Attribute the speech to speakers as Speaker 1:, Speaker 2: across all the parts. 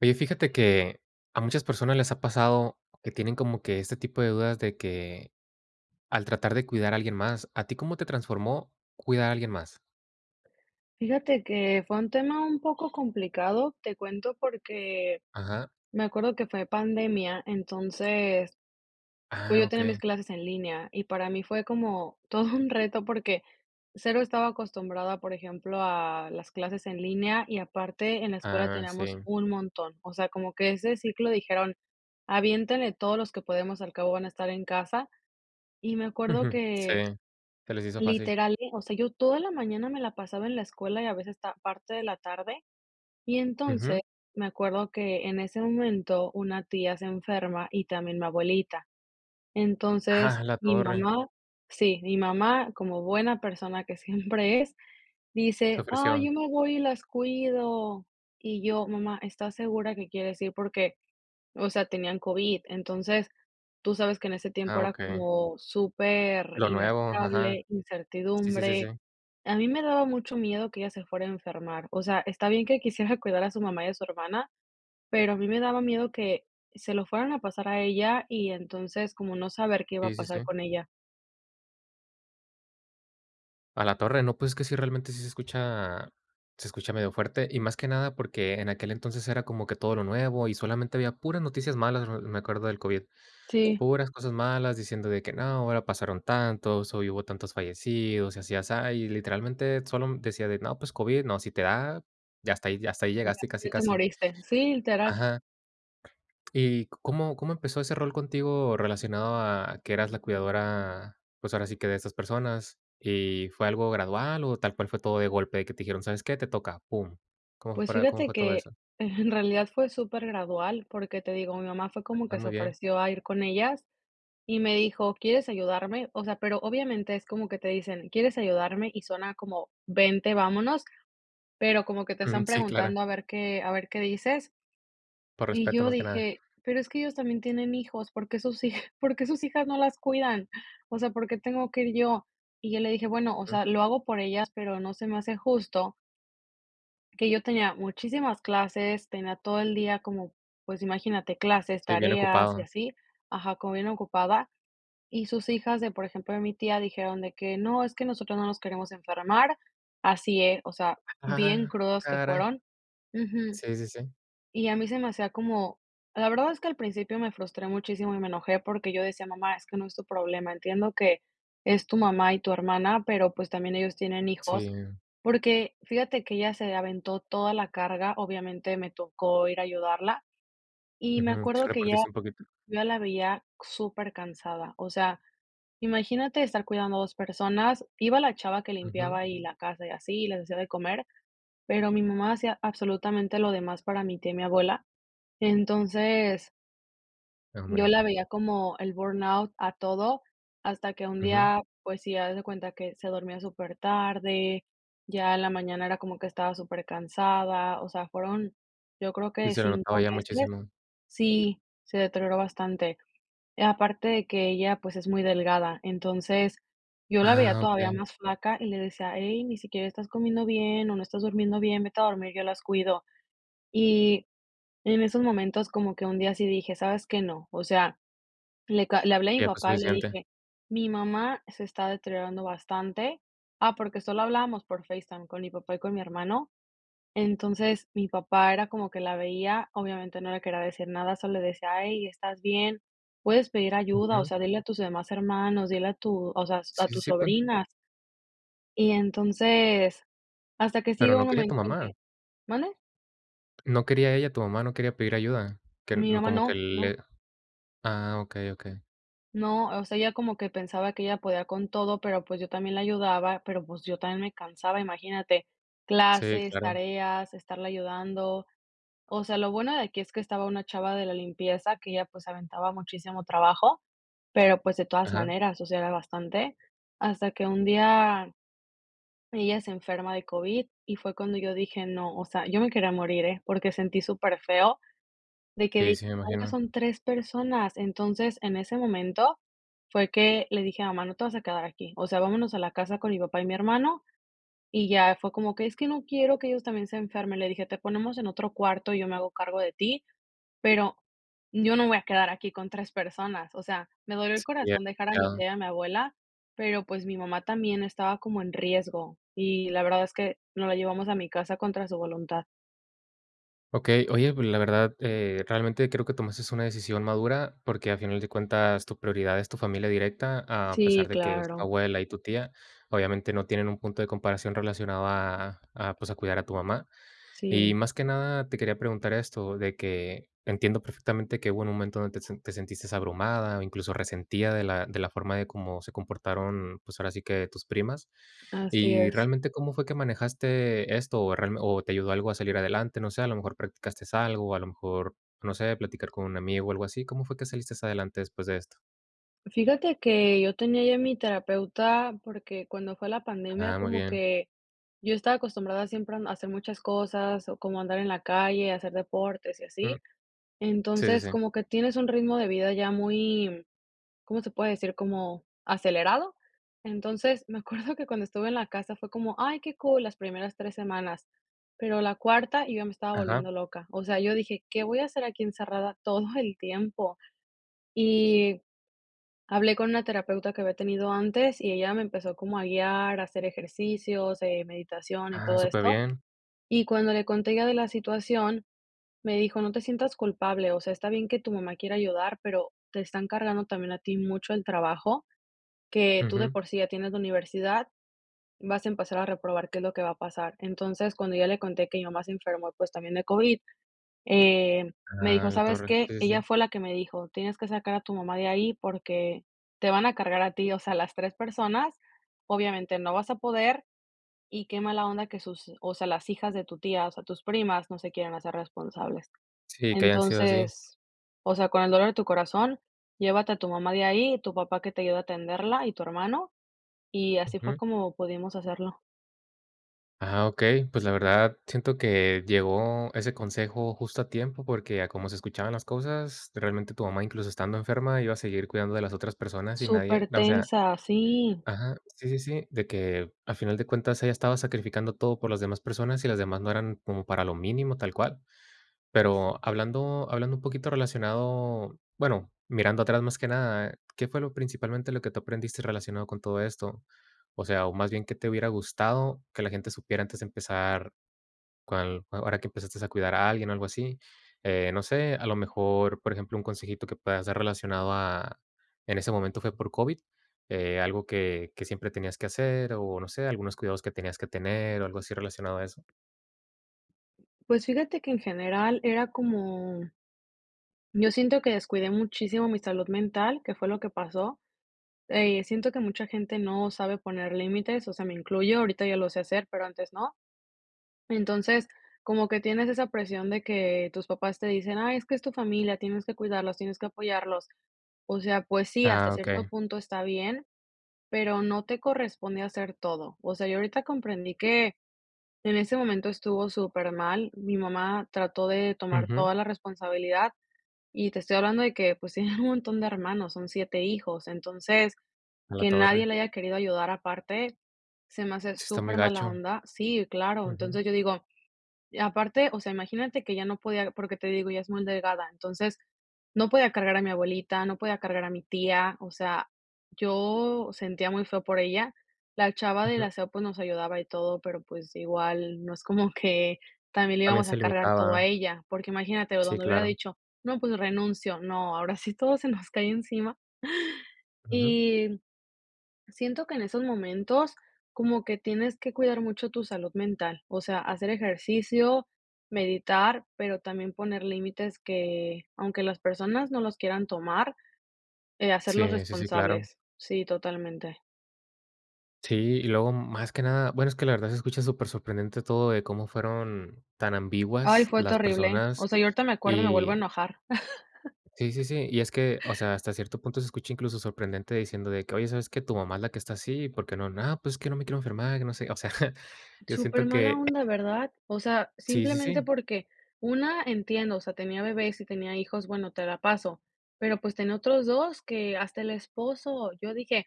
Speaker 1: Oye, fíjate que a muchas personas les ha pasado que tienen como que ese tipo de dudas de que al tratar de cuidar a alguien más ¿a ti cómo te transformó cuidar a alguien más?
Speaker 2: Fíjate que fue un tema un poco complicado. Te cuento, porque
Speaker 1: Ajá.
Speaker 2: me acuerdo que fue pandemia, entonces, pues
Speaker 1: Ah,
Speaker 2: yo tenía mis
Speaker 1: okey.
Speaker 2: clases en línea, y para mí fue como todo un reto, porque cero estaba acostumbrada a, por ejemplo, a las clases en línea, y aparte en la escuela
Speaker 1: Ah,
Speaker 2: teníamos
Speaker 1: si.
Speaker 2: un montón. O sea, como que ese ciclo dijeron: "Aviéntele todos los que podemos al cabo van a estar en casa". Y me acuerdo
Speaker 1: Ujú, sí.
Speaker 2: que
Speaker 1: Se les hizo fácil.
Speaker 2: literal, o sea, yo toda la mañana me la pasaba en la escuela y a veces está parte de la tarde. Y
Speaker 1: Ujú.
Speaker 2: entonces, me acuerdo que en ese momento, una tía se enferma y también mi abuelita.
Speaker 1: ¡Ah,
Speaker 2: Entonces,
Speaker 1: la
Speaker 2: mi
Speaker 1: torre!
Speaker 2: mamá Sí. Mi mamá como buena persona que siempre es,
Speaker 1: Se
Speaker 2: dice: "Ay,
Speaker 1: ofreció.
Speaker 2: yo me voy y las cuido". Y yo: "Mamá, ¿estás segura que quieres ir?". Porque, o sea, tenían COVID. Entonces, tú sabes que en ese tiempo
Speaker 1: Ah,
Speaker 2: era
Speaker 1: okey.
Speaker 2: como
Speaker 1: Lo nuevo, ajá.
Speaker 2: superinestable,
Speaker 1: Sí, sí, sí,
Speaker 2: incertidumbre.
Speaker 1: sí.
Speaker 2: A mí me daba mucho miedo que ella se fuera a enfermar. O sea, está bien que quisiera cuidar a su mamá y a su hermana, pero a mí me daba miedo que se lo fueran a pasar a ella, y entonces, como no saber qué iba a
Speaker 1: Sí, sí,
Speaker 2: pasar
Speaker 1: si.
Speaker 2: con ella.
Speaker 1: A la torre, ¿no?, pues, es que sí, realmente sí se escucha se escucha medio fuerte, y más que nada porque en aquel entonces era como que todo lo nuevo, y solamente había puras noticias malas, eh, me acuerdo del COVID.
Speaker 2: Sí.
Speaker 1: Puras cosas malas, diciendo de que: "No, ahora pasaron tantos, o hubo tantos fallecidos", y así y asá, y literalmente, sólo decía: "De no, pues COVID, no, si te da" y hasta ahí y hasta ahí
Speaker 2: Ya,
Speaker 1: llegaste casi,
Speaker 2: ya te
Speaker 1: casi.
Speaker 2: moriste. Sí, literal.
Speaker 1: Ajá, ¿Y có cómo empezó ese rol contigo relacionado a que eras la cuidadora, pues, ahora sí que de esas personas? Y fue algo gradual o tal cual fue todo de golpe, que te dijeron: "¿Sabes qué?, te toca", pum. ¿Cómo
Speaker 2: Pues
Speaker 1: para cómo
Speaker 2: fíjate
Speaker 1: fue todo
Speaker 2: que,
Speaker 1: eso?
Speaker 2: en realidad fue supergradual, porque te digo, mi mamá fue como
Speaker 1: Ah,
Speaker 2: que se
Speaker 1: muy bien.
Speaker 2: ofreció a ir con ellas y me dijo: "¿Quieres ayudarme?" O sea, pero obviamente es como que te dicen: "¿Quieres ayudarme?" Y suena como vente, vámonos, pero como que te
Speaker 1: Ujú.
Speaker 2: están
Speaker 1: Sí, claro.
Speaker 2: preguntando a ver que a ver qué dices.
Speaker 1: Por
Speaker 2: Y
Speaker 1: respeto,
Speaker 2: yo
Speaker 1: más que nada.
Speaker 2: dije: "Pero es que ellos también tienen hijos, ¿por qué sus hij, por qué sus hijas no las cuidan? O sea, ¿por qué tengo que ir yo?" Y yo le dije: "Bueno, o
Speaker 1: Jum.
Speaker 2: sea, lo hago por ellas, pero no se me hace justo". Que yo tenía muchísimas clases, tenía todo el día como, pues, imagínate clases,
Speaker 1: Sí, bien
Speaker 2: tareas, y
Speaker 1: ocupado.
Speaker 2: así. Ajá, como bien ocupada, y sus hijas de, por ejemplo, de mi tía dijeron de que: "No, es que nosotros no nos queremos enfermar", así es, o sea, bien
Speaker 1: Ah,
Speaker 2: crudas que
Speaker 1: caray.
Speaker 2: fueron. Ujú.
Speaker 1: Si, si, si.
Speaker 2: Y a mí se me hacía como la verdad es que al principio me frustré muchísimo y me enojé porque yo decía: "Mamá, es que no es tu problema, entiendo que es tu mamá y tu hermana, pero, pues, también ellos tienen hijos",
Speaker 1: Si.
Speaker 2: porque fíjate que ella se aventó toda la carga, obviamente, me tocó ir a ayudarla, y me
Speaker 1: Ujú, sí
Speaker 2: acuerdo que ella
Speaker 1: repartiste un poquito.
Speaker 2: yo ya la veía supercansada. O sea, imagínate estar cuidando a 2 personas, iba la chava que
Speaker 1: Ujú.
Speaker 2: limpiaba y la casa y así, les hacia de comer, pero mi mamá hacía absolutamente lo demás para mi tía y mi abuela, entonces
Speaker 1: No
Speaker 2: Yo
Speaker 1: hombre.
Speaker 2: la veía como el burnout a todo, hasta que un
Speaker 1: Ujú.
Speaker 2: día, pues sí, haz de cuenta que se dormía supertarde, ya en la mañana era como que estaba supercansada, o sea, fueron, yo creo
Speaker 1: Sí,
Speaker 2: que
Speaker 1: se le
Speaker 2: 5
Speaker 1: notaba ya
Speaker 2: meses
Speaker 1: muchísimo.
Speaker 2: Sí, se deterioró bastante. Aparte de que ella, pues es muy delgada, entonces, yo la veía
Speaker 1: Ah,
Speaker 2: todavía
Speaker 1: okey.
Speaker 2: más flaca y le decía: "Ey, ni siquiera estás comiendo bien o no estás durmiendo bien, vete a dormir, yo las cuido". Y en esos momentos como que un día sí dije: "¿Sabes qué? No, o sea", le ca le hablé a mi
Speaker 1: Ya fue
Speaker 2: papá y le
Speaker 1: suficiente.
Speaker 2: dije: "Mi mamá se está deteriorando bastante", ah, porque solo hablábamos por FaceTime con mi papá y con mi hermano. Entonces, mi papá era como que la veía, obviamente, no le quería decir nada, solo le decía: "Ey, ¿estás bien? Puedes pedir ayuda, o
Speaker 1: Ujú.
Speaker 2: sea, dile a tus demás hermanos, dile a tu, o sea, s a
Speaker 1: Sí, sí,
Speaker 2: tus
Speaker 1: sí [unintelligible]
Speaker 2: sobrinas". Y, entonces, hasta que sí
Speaker 1: ¿Pero
Speaker 2: llegó
Speaker 1: no
Speaker 2: un
Speaker 1: quería tu
Speaker 2: momento en que
Speaker 1: mamá?
Speaker 2: ¿Mande?
Speaker 1: ¿No quería ella, tu mamá, no quería pedir ayuda?, que
Speaker 2: Mi
Speaker 1: no
Speaker 2: mamá
Speaker 1: como
Speaker 2: no,
Speaker 1: que
Speaker 2: no.
Speaker 1: le Ah, okey okey.
Speaker 2: No, o sea, ella como que pensaba que ella podía con todo, pero, pues, yo también la ayudaba, pero, pues, yo también me cansaba, imagínate,
Speaker 1: Sí,
Speaker 2: clases,
Speaker 1: claro.
Speaker 2: tareas, estarla ayudando. O sea, lo bueno de aquí es que estaba una chava de la limpieza, que ella, pues, se aventaba muchísimo trabajo, pero, pues, de todas
Speaker 1: Ajá.
Speaker 2: maneras, o sea, era bastante. Hasta que un día, ella se enferma de COVID, y fue cuando yo dije: "No" o sea, yo me quería morir, ¿eh?, porque sentí súper feo, de que
Speaker 1: Sí,
Speaker 2: dije:
Speaker 1: sí me
Speaker 2: "Ahora
Speaker 1: imagino.
Speaker 2: son 3 personas". Entonces, en ese momento fue que le dije a mamá: "No te vas a quedar aquí. O sea, vámonos a la casa con mi papá y mi hermano", y ya fue como que: "Es que no quiero que ellos también se enfermen". Le dije: "Te ponemos en otro cuarto, y yo me hago cargo de ti, pero yo no me voy a quedar aquí con 3 personas". O sea, me dolió el
Speaker 1: Sí.
Speaker 2: corazón dejar a mi
Speaker 1: [unintelligible]
Speaker 2: tía y a mi abuela, pero, pues, mi mamá también estaba como en riesgo, y la verdad es que nos la llevamos a mi casa contra su voluntad.
Speaker 1: Okey, oye, pues, la verdad, eh, realmente creo que tomaste una decisión madura. Porque a final de cuentas tu prioridad es tu familia directa, a pesar
Speaker 2: Sí,
Speaker 1: de que es tu
Speaker 2: claro.
Speaker 1: abuela y tu tía, obviamente, no tienen un punto de comparación relacionado a a, a pues, a cuidar a tu mamá. Y
Speaker 2: Si.
Speaker 1: más que nada, te quería preguntar esto, de que entiendo perfectamente que hubo un momento donde te se te sentiste abrumada, o incluso resentida de la de la forma de cómo se comportaron, pues, ahora sí, que tus primas.
Speaker 2: Así
Speaker 1: Y
Speaker 2: es.
Speaker 1: realmente, ¿cómo fue que manejaste esto? O realme o te ayudó algo a salir adelante, no sé, a lo mejor practicaste algo, o a lo mejor, no sé, platicar con un amigo o algo así, ¿cómo fue que saliste adelante después de esto?
Speaker 2: Fíjate que yo tenía ya mi terapeuta, porque cuando fue la pandemia,
Speaker 1: Ah, muy
Speaker 2: como
Speaker 1: bien.
Speaker 2: que yo estaba acostumbrada siempre a m a hacer muchas cosas, o como andar en la calle, hacer deportes y así.
Speaker 1: Jum. Sí, sí,
Speaker 2: Entonces,
Speaker 1: sí.
Speaker 2: como que tienes un ritmo de vida ya muy, ¿cómo se puede decir? Como ¿acelerado? Entonces, me acuerdo que cuando estuve en la casa fue como: "Ay, qué cool", las primeras 3 semanas, pero la cuarta, yo ya me estaba
Speaker 1: Ajá.
Speaker 2: volviendo loca. O sea, yo dije: "¿Qué voy a hacer aquí encerrada todo el tiempo?". Y hablé con una terapeuta que había tenido antes, y ella me empezó como a guiar, a hacer ejercicios, eh, meditación y
Speaker 1: Ah,
Speaker 2: todo esto,
Speaker 1: superbién.
Speaker 2: Y cuando le conté ya de la situación, me dijo: "No te sientas culpable, o sea, está bien que tu mamá quiera ayudar, pero te están cargando también a ti mucho el trabajo, que tú de
Speaker 1: Ujú.
Speaker 2: por sí ya tienes la universidad, vas a empezar a reprobar qué es lo que va a pasar". Entonces, cuando ya le conté que mi mamá se enfermó, pues, también de COVID, eh, me
Speaker 1: Ah,
Speaker 2: dijo:
Speaker 1: la
Speaker 2: "¿Sabes
Speaker 1: torre.
Speaker 2: qué?"
Speaker 1: Sí, sí,
Speaker 2: Ella
Speaker 1: sí.
Speaker 2: fue la que me dijo: "Tienes que sacar a tu mamá de ahí, porque te van a cargar a ti, o sea, las 3 personas, obviamente no vas a poder, y qué mala onda que sus o sea, las hijas de tu tía, o sea, tus primas no se quieren hacer responsables.
Speaker 1: Sí, que hayan sido así.
Speaker 2: Entonces, o sea, con el dolor de tu corazón, llévate a tu mamá de ahí, tu papá que te ayude a atenderla, y tu hermano", y así fue
Speaker 1: Ujú.
Speaker 2: como pudimos hacerlo.
Speaker 1: Ajá, okey. Pues, la verdad, siento que llegó ese consejo justo a tiempo, porque a como se escuchaban las cosas, realmente, tu mamá, incluso, estando enferma, iba a seguir cuidando de las otras personas, y nadie n o sea
Speaker 2: Supertensa, sí.
Speaker 1: ajá, sí, sí, sí. De que al final de cuentas ella estaba sacrificando todo por las demás personas, y las demás no eran como para lo mínimo, tal cual. Pero hablando hablando un poquito relacionado bueno, mirando atrás más que nada, ¿qué fue lo principalmente lo que tú aprendiste relacionado con todo esto? O sea, o más bien, ¿qué te hubiera gustado que la gente supiera antes de empezar cuál ahora que empezaste a cuidar a alguien, algo así. Eh, no sé, a lo mejor, por ejemplo, un consejito que puedas dar relacionado a en ese momento fue por COVID, eh, algo que, que siempre tenías que hacer, o, no sé, algunos cuidados que tenías que tener, o algo así relacionado a eso.
Speaker 2: Pues, fíjate que en general era como Yo siento que descuidé muchísimo mi salud mental, que fue lo que pasó. Eh, siento que mucha gente no sabe poner límites, o sea, me incluyo, ahorita ya lo sé hacer, pero antes no. Entonces, como que tienes esa presión de que tus papás te dicen: "Ay, es que es tu familia, tienes que cuidarlos, tienes que apoyarlos". O sea, pues sí, hasta
Speaker 1: Ah,
Speaker 2: cierto
Speaker 1: okey.
Speaker 2: punto está bien, pero no te corresponde hacer todo. O sea, yo ahorita comprendí que en ese momento estuvo supermal. Mi mamá trató de tomar
Speaker 1: Ujú.
Speaker 2: toda la responsabilidad, y te estoy hablando de que, pues, tienen un montón de hermanos, son 7 hijos. Entonces,
Speaker 1: A la
Speaker 2: que nadie
Speaker 1: torre.
Speaker 2: le haya querido ayudar aparte, se me hace
Speaker 1: Sí está muy
Speaker 2: súper mala
Speaker 1: gacho.
Speaker 2: onda. Sí, claro,
Speaker 1: Ujú.
Speaker 2: entonces, yo digo y aparte, o sea, imagínate que ya no podía, porque te digo, ella es muy delgada, entonces, no podía cargar a mi abuelita, no podía cargar a mi tía, o sea, yo sentía muy feo por ella. La chava del
Speaker 1: Ujú.
Speaker 2: aseo, pues, nos ayudaba y todo, pero, pues, igual no es como que también le
Speaker 1: También
Speaker 2: íbamos
Speaker 1: se
Speaker 2: a cargar todo a
Speaker 1: limitaba.
Speaker 2: ella, porque imagínate,
Speaker 1: Sí,
Speaker 2: donde hubiera
Speaker 1: claro.
Speaker 2: dicho: "No, pues, renuncio", no, ahora sí todo se nos cae encima.
Speaker 1: Ujú.
Speaker 2: Y siento que en esos momentos como que tienes que cuidar mucho tu salud mental, o sea, hacer ejercicio, meditar, pero también poner límites, que aunque las personas no los quieran tomar, eh, hacerlos
Speaker 1: Sí, sí, sí, claro.
Speaker 2: responsables. Sí, totalmente.
Speaker 1: Sí, y luego, más que nada bueno, es que la verdad se escucha súper sorprendente todo de cómo fueron tan
Speaker 2: Ay,
Speaker 1: ambiguas
Speaker 2: fue
Speaker 1: las
Speaker 2: terrible. O
Speaker 1: personas.
Speaker 2: sea, yo ahorita me acuerdo y me vuelvo a
Speaker 1: Y
Speaker 2: enojar.
Speaker 1: Sí, sí, sí, y es que, o sea, hasta cierto punto se escucha, incluso, sorprendente diciendo de que: "Oye, ¿sabes qué? Tu mamá es la que está así, ¿por qué no?". "No, pues es que no me quiero enfermar, que no sé". O sea, yo
Speaker 2: Súper
Speaker 1: siento
Speaker 2: mala
Speaker 1: que
Speaker 2: onda, ¿verdad? O sea,
Speaker 1: Sí, sí,
Speaker 2: simplemente,
Speaker 1: sí.
Speaker 2: porque una entiendo, o sea, tenía bebés y tenía hijos, bueno, te la paso, pero, pues, tenía otros 2 que hasta el esposo, yo dije,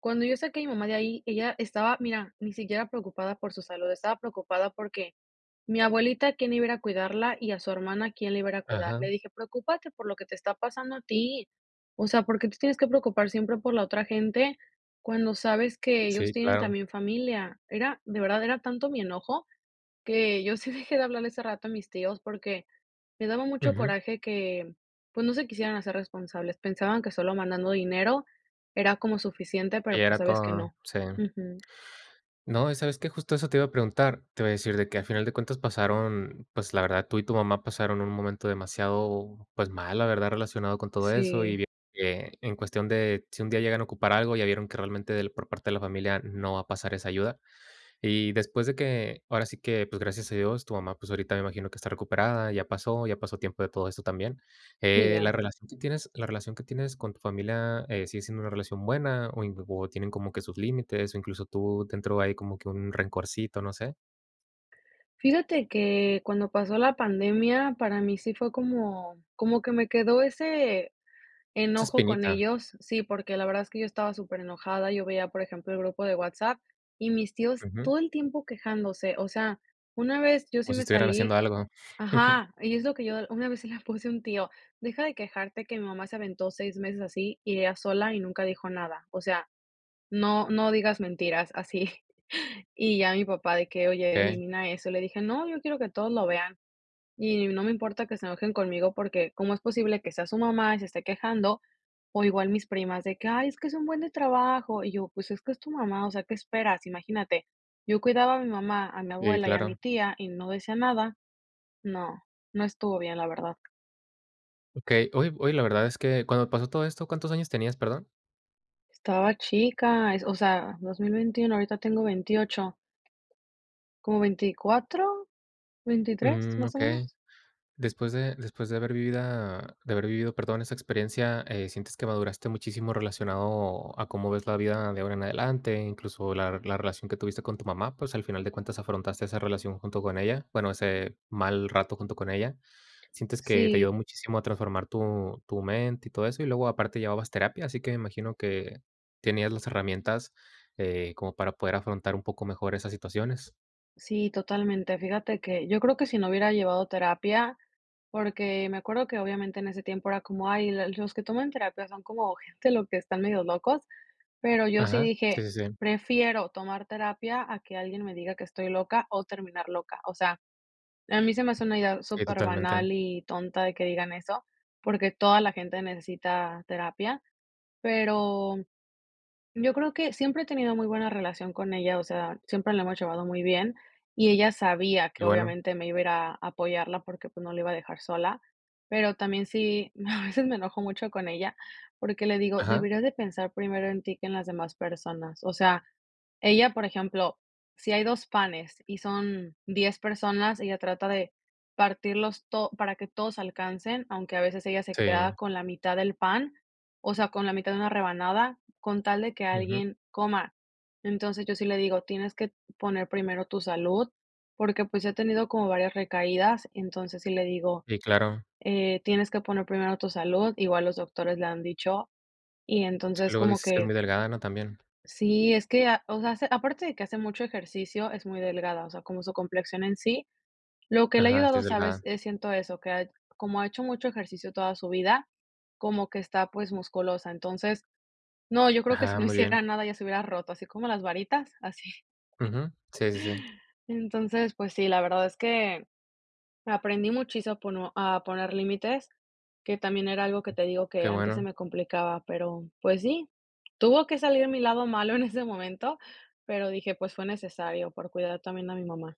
Speaker 2: cuando yo saqué a mi mamá de ahí, ella estaba, mira, ni siquiera preocupada por su salud, estaba preocupada, porque mi abuelita, ¿quién iba a ir a cuidarla y a su hermana quién le iba a ir a cuidar? Le
Speaker 1: Ajá.
Speaker 2: dije: "Preocúpate por lo que te está pasando a ti. O sea, porque te tienes que preocupar siempre por la otra gente, cuando sabes que ellos
Speaker 1: Sí,
Speaker 2: tienen
Speaker 1: claro.
Speaker 2: también familia". Era, de verdad, era tanto mi enojo que yo sí dejé de hablarle hace rato a mis tíos, porque me daba mucho
Speaker 1: Ujú.
Speaker 2: coraje que, pues, no se quisieran hacer responsables. Pensaban que solo mandando dinero era como suficiente, pero,
Speaker 1: Ella
Speaker 2: pues
Speaker 1: era
Speaker 2: sabes que
Speaker 1: todo.
Speaker 2: no.
Speaker 1: Sí.
Speaker 2: Ujú.
Speaker 1: No, ¿y sabes qué? Justo eso te iba a preguntar, te iba a decir de que a final de cuentas pasaron, pues, la verdad, tú y tu mamá pasaron un momento demasiado, pues, mal, la verdad, relacionado con todo eso.
Speaker 2: Sí.
Speaker 1: Y bi e en cuestión de si un día llegan a ocupar algo, ya vieron que realmente por parte de la familia no va a pasar esa ayuda. Y después de que, ahora sí que, pues, gracias a Dios, tu mamá, pues, ahorita me imagino que está recuperada, ya pasó, ya pasó tiempo de todo eso también.
Speaker 2: Sí,
Speaker 1: Eh, la
Speaker 2: ya.
Speaker 1: relación que tienes la relación que tienes con tu familia eh, sigue siendo una relación buena, o in o tienen como que sus límites, o incluso, tú dentro hay como que un rencorcito, no sé.
Speaker 2: Fíjate que cuando pasó la pandemia para mí sí fue como, como que me quedó ese
Speaker 1: Esa
Speaker 2: enojo con
Speaker 1: espinita.
Speaker 2: ellos. Sí, porque la verdad es que yo estaba superenojada, yo veía, por ejemplo, el grupo de WhatsApp, y mis tíos
Speaker 1: Ujú.
Speaker 2: todo el tiempo quejándose. O sea, una vez yo sí
Speaker 1: Como si
Speaker 2: me
Speaker 1: estuvieran
Speaker 2: salí
Speaker 1: haciendo algo.
Speaker 2: Ajá, y es lo que yo una vez se la puse a un tío: "Deja de quejarte que mi mamá se aventó 6 meses así, y ella sola y nunca dijo nada. O sea, no, no digas mentiras así". Y ya mi papá de que: "Oye
Speaker 1: Okey.
Speaker 2: elimina eso", le dije: "No, yo quiero que todos lo vean, y no me importa que se enojen conmigo". Porque cómo es posible que sea su mamá y se esté quejando, o igual mis primas de que: "Ay es que es un buen de trabajo", y yo: "Pues, es que es tu mamá, o sea, ¿qué esperas?" Imagínate. Yo cuidaba a mi mamá, a mi
Speaker 1: Sí,
Speaker 2: abuela y a mi
Speaker 1: claro.
Speaker 2: tía, y no decía nada. No, no estuvo bien, la verdad.
Speaker 1: Okey. Oye Oye la verdad es que cuando pasó todo esto, ¿cuántos años tenías, perdón?
Speaker 2: Estaba chica, es o sea, 2021 ahorita tengo 28 ¿Como 24, 23
Speaker 1: Mm,
Speaker 2: más o
Speaker 1: okey.
Speaker 2: menos?
Speaker 1: Después de después de haber vivido de haber vivido, perdón, esa experiencia, eh, ¿sientes que maduraste muchísimo relacionado a cómo ves la vida de ahora en adelante, incluso, la la relación que tuviste con tu mamá? Pues, al final de cuentas afrontaste esa relación junto con ella. Bueno, ese mal rato junto con ella. Sientes que te
Speaker 2: Sí.
Speaker 1: ayudó muchísimo a transformar tu tu mente y todo eso. Y luego aparte llevabas terapia, así que me imagino que tenías las herramientas, eh, como para poder afrontar un poco mejor esas situaciones.
Speaker 2: Sí, totalmente. Fíjate que yo creo que si no hubiera llevado terapia porque me acuerdo que obviamente en ese tiempo era como: "Ay, l los que toman terapia son como gente los que están medio locos", pero yo sí
Speaker 1: Ajá. Sí,
Speaker 2: dije:
Speaker 1: sí, sí.
Speaker 2: "Prefiero tomar terapia a que alguien me diga que estoy loca, o terminar loca". O sea, a mí se me hace una idea
Speaker 1: Sí,
Speaker 2: súper
Speaker 1: totalmente.
Speaker 2: banal y tonta de que digan eso, porque toda la gente necesita terapia, pero yo creo que siempre he tenido muy buena relación con ella, o sea, siempre la hemos llevado muy bien. Y ella sabía
Speaker 1: Que
Speaker 2: que
Speaker 1: bueno.
Speaker 2: obviamente me iba a ir a apoyarla porque, pues, no la iba a dejar sola, pero también sí, a veces me enojo mucho con ella, porque le digo:
Speaker 1: Ajá.
Speaker 2: "Deberías de pensar primero en ti que en las demás personas". O sea, ella, por ejemplo, si hay 2 panes y son 10 personas, ella trata de partirlos to para que todos alcancen, aunque a veces ella se queda
Speaker 1: Sí.
Speaker 2: con la mitad del pan, o sea, con la mitad de una rebanada, con tal de que
Speaker 1: Ujú.
Speaker 2: alguien coma. Entonces, yo sí le digo: "Tienes que poner primero tu salud", porque, pues, si ha tenido como varias recaídas, entonces, sí le digo:
Speaker 1: Sí, claro.
Speaker 2: "Eh, tienes que poner primero tu salud", igual los doctores le han dicho. Y
Speaker 1: Sí.
Speaker 2: entonces,
Speaker 1: Luego
Speaker 2: como
Speaker 1: dices que es
Speaker 2: que
Speaker 1: muy delgada, ¿no? También.
Speaker 2: Sí, es que a o sea, aparte de que hace mucho ejercicio, es muy delgada. O sea, como su complexión en sí. Lo que le ha
Speaker 1: Ajá, sí
Speaker 2: ayudado,
Speaker 1: es
Speaker 2: ¿sabes?
Speaker 1: delgada.
Speaker 2: Eh, siento eso, que ha como ha hecho mucho ejercicio toda su vida, como que está, pues, musculosa. Entonces, no, yo creo que si
Speaker 1: Ajá,
Speaker 2: no
Speaker 1: muy
Speaker 2: hiciera
Speaker 1: bien.
Speaker 2: nada, ya se hubiera roto, así como las varitas, así.
Speaker 1: Ujú. Sí, sí, sí.
Speaker 2: Entonces, pues sí, la verdad es que aprendí muchísimo a pono a poner límites. Que también era algo que te digo
Speaker 1: Qué
Speaker 2: que antes se
Speaker 1: bueno.
Speaker 2: me complicaba, pero, pues sí, tuvo que salir mi lado malo en ese momento, pero dije: "Pues fue necesario por cuidar también a mi mamá".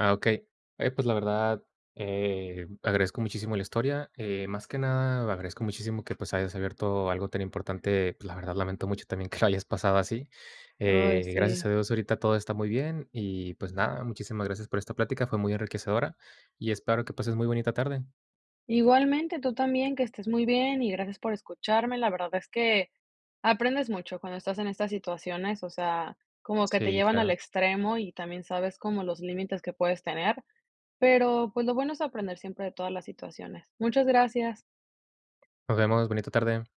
Speaker 1: Ah, okey. Oye pues, la verdad, eh, agradezco muchísimo la historia. Eh, más que nada, agradezco muchísimo que, pues, hayas abierto algo tan importante. Pues la verdad, lamento mucho también que lo hayas pasado así.
Speaker 2: Ay,
Speaker 1: Eh, gracias
Speaker 2: sí.
Speaker 1: a Dios, ahorita todo está muy bien. Y, pues nada, muchísimas gracias por esta plática, fue muy enriquecedora, y espero que pases muy bonita tarde.
Speaker 2: Igualmente tú también, que estés muy bien y gracias por escucharme. La verdad es que aprendes mucho cuando estás en estas situaciones, o sea, como que te
Speaker 1: Sí,
Speaker 2: llevan al
Speaker 1: claro.
Speaker 2: extremo y también sabes como los límites que puedes tener, pero pues lo bueno es aprender siempre de todas las situaciones. Muchas gracias.
Speaker 1: Nos vemos, bonita tarde.